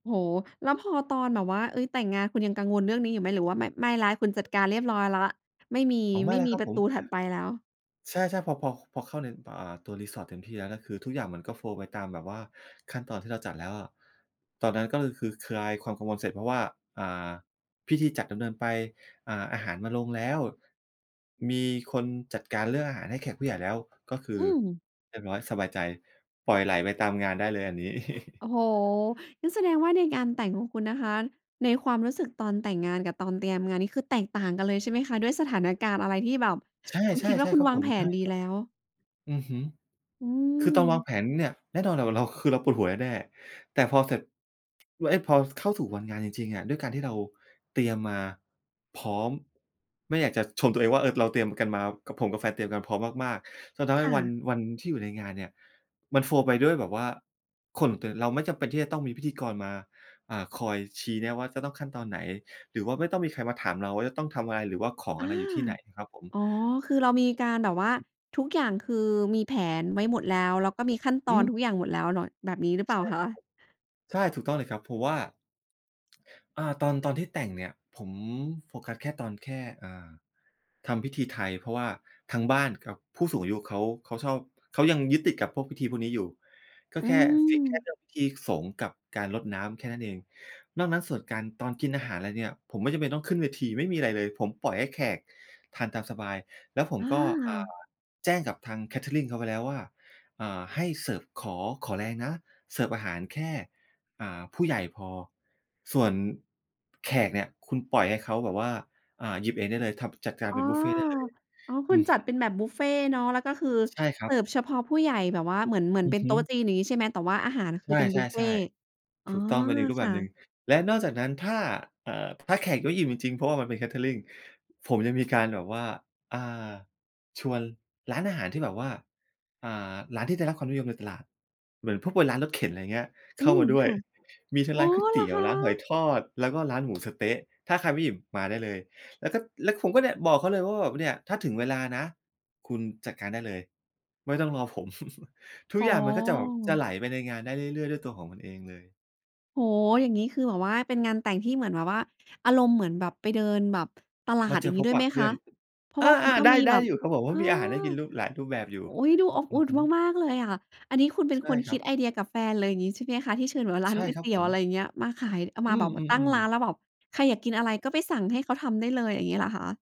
โอ้โฮ! แล้วพอตอนแบบว่า เอ๊ย! แต่งงานคุณยังกังวลเรื่องนี้อยู่ไหม? หรือว่าแบบไม่แล้ว คุณจัดการเรียบร้อยแล้ว ไม่มี อ๋อ ไมไ่ม่แล้วมีครับปรผะตม ูถัดไปแล้ว ใช่ ๆ พอ พอ ค พอเข้าใน เอ่อ ตัว resort ถึง pier แล้วคือทุกอย่างมันก็ โฟลว์ ไปตามแบบว่า ขั้นตอนที่เราจัดแล้วอะ ตอนนั้นก็คือ คือ ค คลายความกังวลเสร็จ เพราะว่า อ่า พิธีจัดดำเนินไป อ่า อาหารมาลงแล้ว มีคนจัดการเรื่องอาหารให้แขกผู้ใหญ่ แล้ว ก็คืออืม เรียบร้อยสบายใจ ปล่อยไหลไปตามงานได้เลยอันนี้ โอ้โฮ! งั้นแสดงว่าในงานแต่งของคุณนะคะ ในความรู้สึกตอนแต่งงานกับตอนเตรียมงานนี่คือแตกต่างกันเลยใช่ไหมคะ? ด้วยสถานการณ์อะไรที่แบบใช่ คุณคิดๆ วใ่ชา่คุคณรับวาผงม แผใช่นดีครับ แล้ว อือฮึ อืคือตอนวางม แผนเนี่ยแน่นอนน่ะว่า เรา คือเราปวดหัวแน่ ๆ แต่พอเสร็จ ว เอ๊ะ! พอเข้าสู่วันงานจริง ๆ อะ ด้วยการที่เราเตรียม มาพร้อม ไม่อยากจะชมตัวเองว่า เออ เราเตรียมกันมากับ ผมกับแฟนเตรียมกันพร้อมมาก ๆ จนทำใคห้่วัน ะ วันที่อยู่ในงานเนี่ย มัน โฟลว์ ไปด้วยแบบว่า คน แต่เราไม่จำเป็นที่จะต้องมีพิธีกรมา อ่า คอยชี้แนะว่าจะต้องขั้นตอนไหน หรือว่าไม่ต้องมีใครมาถามเราว่า จะต้องทำอะไร หรือว่าของออา ะไรอยู่ที่ไหนครับผม อ๋อ คือเรามีการแบบว่า คือ ทุกอย่างคือมีแผนไว้หมดแล้ว แล้วก็มีขั้นตออนืม ทุกอย่างหมดแล้วเนาะ แบบนี้หรือเปใลช่า่ครัคะ? บผม ใช่ ถูกต้องเลยครับ เพราะว่า อา ตอน ตอนที่แต่งเนี่ย ผมโฟกัสแค่ตอนแค่ อ่า ทำพิธีไทย เพราะว่าทางบ้านกับผู้สูงอายุเขา เขาชอบ เขายังยึดติดกับพวกพิธีพวกนี้อยู่ ก็อืแค่ strict แค่ม เรื่องพิธีสงฆ์กับการรดน้ำแค่นั้นเอง นอกนั้นส่วนการ ตอนกินอาหาร อะไรเนี่ย ผมไม่จำเป็นต้องขึ้นเวที ไม่มีอะไรเลย ผมปล่อยให้แขกทานตามสบาย แล้วผมอก็ อ่า า แจ้งกับทาง เคเตอริง เขาไปแล้ว ว่า อ่า ให้เสิร์ฟ ขอ ขอแรงนะ เสิร์ฟอาหารแค่ อ่า ผู้ใหญ่พอ ส่วน แขกเนี่ย คุณปล่อยให้เขาแบบว่า อ่า หยิบเองได้เลย ทำ จัดกอาร้เอ ป็นบุฟเฟต์ได้เลย อ๋อ อคุืณอจฮัดึ เป็นแบบบุฟเฟต์เนาะ แล้วก็คือใช่ครเัสบ ิร์ฟเฉพาะผู้ใหญ่แบบว่า เหมือน เหมืออนืเอป็นฮโตึ ๊ะจีน อย่างงี้ ใช่ไหม? แต่ว่าอาหารคใือเป็นบุฟเฟช่ ต์ ๆ อๆ ๋อ ถูกต้อง เป็นอีกรูปคแบ่บะ หนึ่ง และนอกจากนั้นถ้า เอ่อ ถ้าแขกไม่อิ่มจริง ๆ เพราะว่ามันเป็น เคเตอริง ผมยังมีการแบบว่า อ่า ชวนร้านอาหารที่แบบว่า อ่า ร้านที่ได้รับความนิยมในตลาด เหมือนพวกเป็นร้านรถเข็น อะไรอย่างเงี้ยเอขื้ามม าด้วคย ่ะ มีทั้งอ๋รอ ้านก๋วยเเตหีรอ๋ยว คร้านหอยะ? ทอด แล้วก็ร้านหมูสะเต๊ะ ถ้าใครไม่อิ่มมาได้เลย แล้วก็ แล้วผมก็เนี่ย บอกเขาเลยว่าแบบ "เนี่ย ถ้าถึงเวลานะ คุณจัดการได้เลย ไม่ต้องรอผม" ทุอก๋อ อย่างมันก็จะแบบ จะไหลไปในงานได้เรื่อย ๆ ด้วยตัวของมันเองเลย โอ้โฮ! อย่างงี้คือแบบว่า เป็นงานแต่งที่เหมือนแบบว่า อารมณ์เหมือนแบบไปเดินแบบ ตลามาด เจอย่าองงพี้บด้วปยไะหมเพืค่อะ น เพราอะว่าคุณา ก็ๆ ได้ มีไดแ้บบ อยู่ครับผม เพเรอาอ ะมีอาหารให้กิน รูป หลายรูปแบบอยู่ อุ๊ย! ดูอบออืุ่อนฮึ มาก ๆ เลยอะ อันนี้คุณเป็นใช่คนคครัิดบ ไอเดียกับแฟนเลย อย่างงี้ใช่ไหมคะ ที่เชิญแบบร้าใชน่ก๋วยครเัตบี๋ผยว อะม ไรอย่างเงี้ย มาขาย อา อมืาแบบตั้งม ร้าๆ นแๆ ล้วแบบ ใครอยากกินอะไรก็ไปสั่งให้เขาทำได้เลย อย่างงี้เหรอคะ?